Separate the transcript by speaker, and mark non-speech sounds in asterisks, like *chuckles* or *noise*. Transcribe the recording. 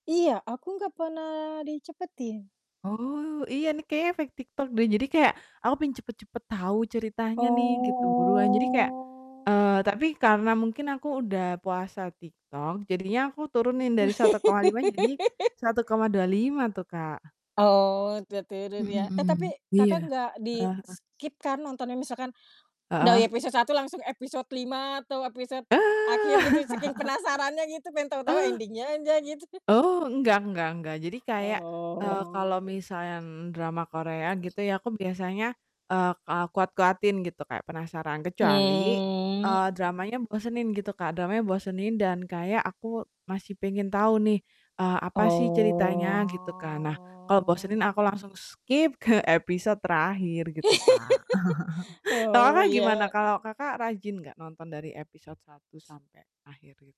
Speaker 1: Iya, aku gak pernah dicepetin.
Speaker 2: Oh. Iya nih, kayaknya efek TikTok deh, jadi kayak aku pengen cepet-cepet tahu ceritanya nih gitu, buruan, jadi kayak
Speaker 1: Oh.
Speaker 2: eee, tapi karena mungkin aku udah puasa TikTok, jadinya aku turunin dari 1,5 jadi
Speaker 1: *laughs*
Speaker 2: 1,25 tuh, Kak.
Speaker 1: Oh, tertidur
Speaker 2: Mhm
Speaker 1: ya. Eh,
Speaker 2: mhm.
Speaker 1: tapi
Speaker 2: Iya.
Speaker 1: Kakak nggak
Speaker 2: Heeh heeh.
Speaker 1: di-skip kan nontonnya, misalkan dari
Speaker 2: Heeh.
Speaker 1: episode 1 langsung episode 5 atau episode
Speaker 2: Eee.
Speaker 1: akhir, gitu? Saking penasarannya gitu, pengen
Speaker 2: *laughs*
Speaker 1: tau-tau
Speaker 2: Eee
Speaker 1: ending-nya aja, gitu. *chuckles*
Speaker 2: Oh, enggak enggak enggak, jadi kayak, eee, kalau
Speaker 1: Oh.
Speaker 2: misal yang drama Korea, gitu ya, aku biasanya, eee, ka kuat-kuatin gitu kayak penasaran, kecuali,
Speaker 1: Mmm.
Speaker 2: eee, dramanya bosenin gitu, Kak, dramanya bosenin dan kayak aku masih pengen tau nih, eee, apa sih ceritanya, gitu kan. Nah, kalau
Speaker 1: Oh.
Speaker 2: bosenin aku langsung skip ke episode terakhir, gitu, Kak.
Speaker 1: *laughs*
Speaker 2: *chuckles* Kalau
Speaker 1: Oh,
Speaker 2: Kakak gimana?
Speaker 1: iya.
Speaker 2: Kalau Kakak rajin gak nonton dari episode 1 sampai akhir gitu?